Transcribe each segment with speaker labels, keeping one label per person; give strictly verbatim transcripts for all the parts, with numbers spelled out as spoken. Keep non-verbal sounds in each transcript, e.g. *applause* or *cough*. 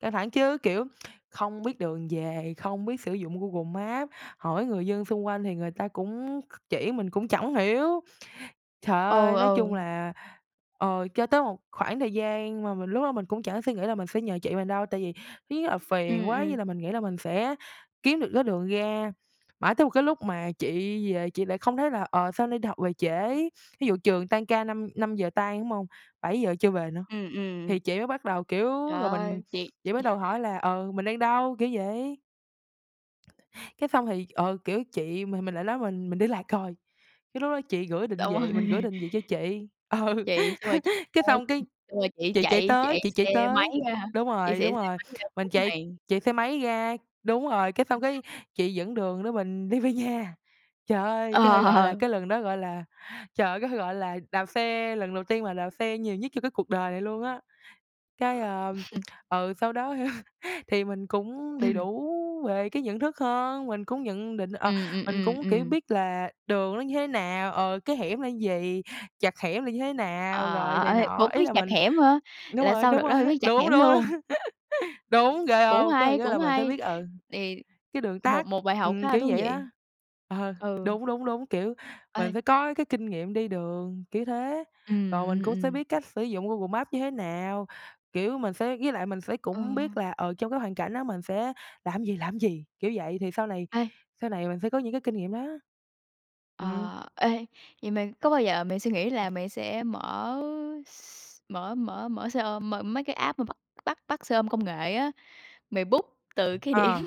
Speaker 1: Căng thẳng chứ, kiểu, *tsk* không biết đường về, không biết sử dụng Google Maps, hỏi người dân xung quanh thì người ta cũng kh chỉ mình cũng chẳng hiểu. Trời
Speaker 2: Ừ,
Speaker 1: ơi, nói
Speaker 2: ừ.
Speaker 1: chung là, ờ, cho tới một khoảng thời gian mà mình lúc đó mình cũng chẳng suy nghĩ là mình sẽ nhờ chị mình đâu, tại vì ý là phiền
Speaker 2: Ừm,
Speaker 1: quá,
Speaker 2: ừm.
Speaker 1: với lại mình nghĩ là mình sẽ kiếm được cái đường ra, mãi tới một cái lúc mà chị về chị lại không thấy là, "Ờ, sao nay đi học về trễ?" Thí dụ trường tan ca năm năm giờ tan, đúng hông, bảy giờ chưa về nữa.
Speaker 2: Ừm, ừm.
Speaker 1: Thì chị mới bắt đầu, kiểu,
Speaker 2: Trời
Speaker 1: rồi mình,
Speaker 2: ơi, chị
Speaker 1: chị bắt đầu hỏi là, "Ừ, mình đang đâu?" Kiểu vậy. Cái xong thì, ờ, kiểu chị mà mình lại nói, "Mình mình đi lạc rồi." Cái lúc đó chị gửi định
Speaker 2: Đâu
Speaker 1: vị, mình gửi
Speaker 2: rồi?
Speaker 1: định vị cho chị, ừ,
Speaker 2: Chị, xong rồi chị
Speaker 1: *laughs* cái
Speaker 2: chay
Speaker 1: xong cái
Speaker 2: xong rồi chị
Speaker 1: chị chạy
Speaker 2: chạy
Speaker 1: tới,
Speaker 2: chạy
Speaker 1: chị chạy
Speaker 2: xe máy
Speaker 1: tới
Speaker 2: ra hả?
Speaker 1: đúng
Speaker 2: Chị
Speaker 1: rồi,
Speaker 2: xị
Speaker 1: đúng
Speaker 2: xe
Speaker 1: rồi,
Speaker 2: máy ra cứu
Speaker 1: mình chạy
Speaker 2: mạng.
Speaker 1: chạy xe máy ra đúng rồi, cái
Speaker 2: Ừm,
Speaker 1: xong,
Speaker 2: ừm.
Speaker 1: cái chị dẫn đường đó mình đi về nhà. Trời ơi, có thể gọi là
Speaker 2: Ờ.
Speaker 1: cái lần đó, gọi là, trời ơi có thể gọi là đạp xe, lần đầu tiên mà đạp xe nhiều nhất trong cái cuộc đời này luôn á. Cái, ờm,
Speaker 2: *chuckles*
Speaker 1: ừ, sau đó thì mình cũng đầy
Speaker 2: Ừm.
Speaker 1: đủ về cái nhận thức hơn, mình cũng nhận định, ờ,
Speaker 2: Ừm, ừm,
Speaker 1: mình
Speaker 2: ừm,
Speaker 1: cũng, kiểu,
Speaker 2: ừm.
Speaker 1: biết là đường nó như thế nào, ờ, cái hẻm là gì, chặt hẻm là như thế nào, rồi
Speaker 2: Ờ,
Speaker 1: này
Speaker 2: ê,
Speaker 1: nọ.
Speaker 2: cũng
Speaker 1: Ý
Speaker 2: biết
Speaker 1: là
Speaker 2: chặt
Speaker 1: mình
Speaker 2: hẻm hả?
Speaker 1: đúng
Speaker 2: Là
Speaker 1: rồi,
Speaker 2: sau đợt
Speaker 1: đúng
Speaker 2: đó
Speaker 1: rồi,
Speaker 2: là biết chặt
Speaker 1: đúng, đúng,
Speaker 2: hẻm
Speaker 1: đúng,
Speaker 2: luôn?
Speaker 1: *chuckles* đúng, ghê
Speaker 2: Cũng
Speaker 1: hông? Cái
Speaker 2: hay,
Speaker 1: cái là
Speaker 2: cũng
Speaker 1: mình sẽ
Speaker 2: hay.
Speaker 1: biết, ừ,
Speaker 2: Đì,
Speaker 1: cái đường tắc,
Speaker 2: một một bài học
Speaker 1: ừm,
Speaker 2: khá là
Speaker 1: kiểu
Speaker 2: thú
Speaker 1: vậy đó.
Speaker 2: vị.
Speaker 1: Ờ,
Speaker 2: Ừ.
Speaker 1: đúng, đúng, đúng, kiểu, mình
Speaker 2: Ê.
Speaker 1: phải có cái kinh nghiệm đi đường, kiểu thế, rồi
Speaker 2: Ừm,
Speaker 1: mình
Speaker 2: ừm,
Speaker 1: cũng sẽ
Speaker 2: ừm.
Speaker 1: biết cách sử dụng Google Maps như thế nào. Kiểu, mình sẽ với lại mình sẽ
Speaker 2: Ừ.
Speaker 1: cũng biết là, ờ, trong cái hoàn cảnh đó mình sẽ làm gì, làm gì, kiểu vậy, thì sau này
Speaker 2: Ai?
Speaker 1: sau này mình sẽ có những cái kinh nghiệm đó. Ừm.
Speaker 2: Ờ, ê, vậy mày, có bao giờ mày suy nghĩ là mày sẽ mở s mở mở mở xe ôm mở mấy cái app mà bắt bắt bắt xe ôm công nghệ á, mày book từ cái điểm
Speaker 1: Ờ.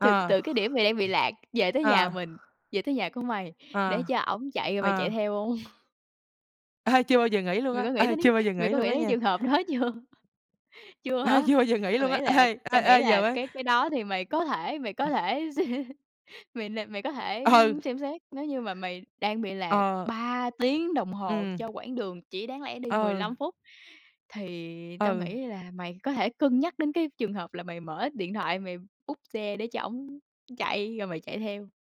Speaker 2: từ từ cái điểm mày đang bị lạc về tới nhà
Speaker 1: À.
Speaker 2: mình, về tới nhà của mày, để
Speaker 1: Ờ.
Speaker 2: cho ổng chạy, rồi mày chạy
Speaker 1: Ờ.
Speaker 2: theo hông? *chuckles*
Speaker 1: Ê, chưa bao giờ nghĩ luôn
Speaker 2: Mày có
Speaker 1: á,
Speaker 2: nghĩ
Speaker 1: ê,
Speaker 2: tới đí
Speaker 1: chưa bao giờ
Speaker 2: mày
Speaker 1: nghĩ
Speaker 2: có
Speaker 1: luôn
Speaker 2: nghĩ
Speaker 1: á
Speaker 2: đến cái
Speaker 1: nha.
Speaker 2: trường hợp đó chưa? Chưa
Speaker 1: Ê,
Speaker 2: hả?
Speaker 1: chưa bao giờ nghĩ
Speaker 2: Tao
Speaker 1: luôn
Speaker 2: nghĩ
Speaker 1: á.
Speaker 2: là
Speaker 1: Ê, ê,
Speaker 2: tao nghĩ
Speaker 1: ê giờ
Speaker 2: là,
Speaker 1: mới
Speaker 2: cái cái đó thì mày có thể mày có
Speaker 1: Ừm.
Speaker 2: thể sẽ mày là mày có thể
Speaker 1: Ừ.
Speaker 2: xem xét. Nếu như mà mày đang bị lạc
Speaker 1: Ờ.
Speaker 2: ba tiếng đồng hồ
Speaker 1: Ừm.
Speaker 2: cho quãng đường chỉ đáng lẽ đi mười
Speaker 1: Ừ.
Speaker 2: lăm phút. Thì tao
Speaker 1: Ừ.
Speaker 2: nghĩ là mày có thể cân nhắc đến cái trường hợp là mày mở điện thoại, mày book xe để cho ổng chạy rồi mày chạy theo.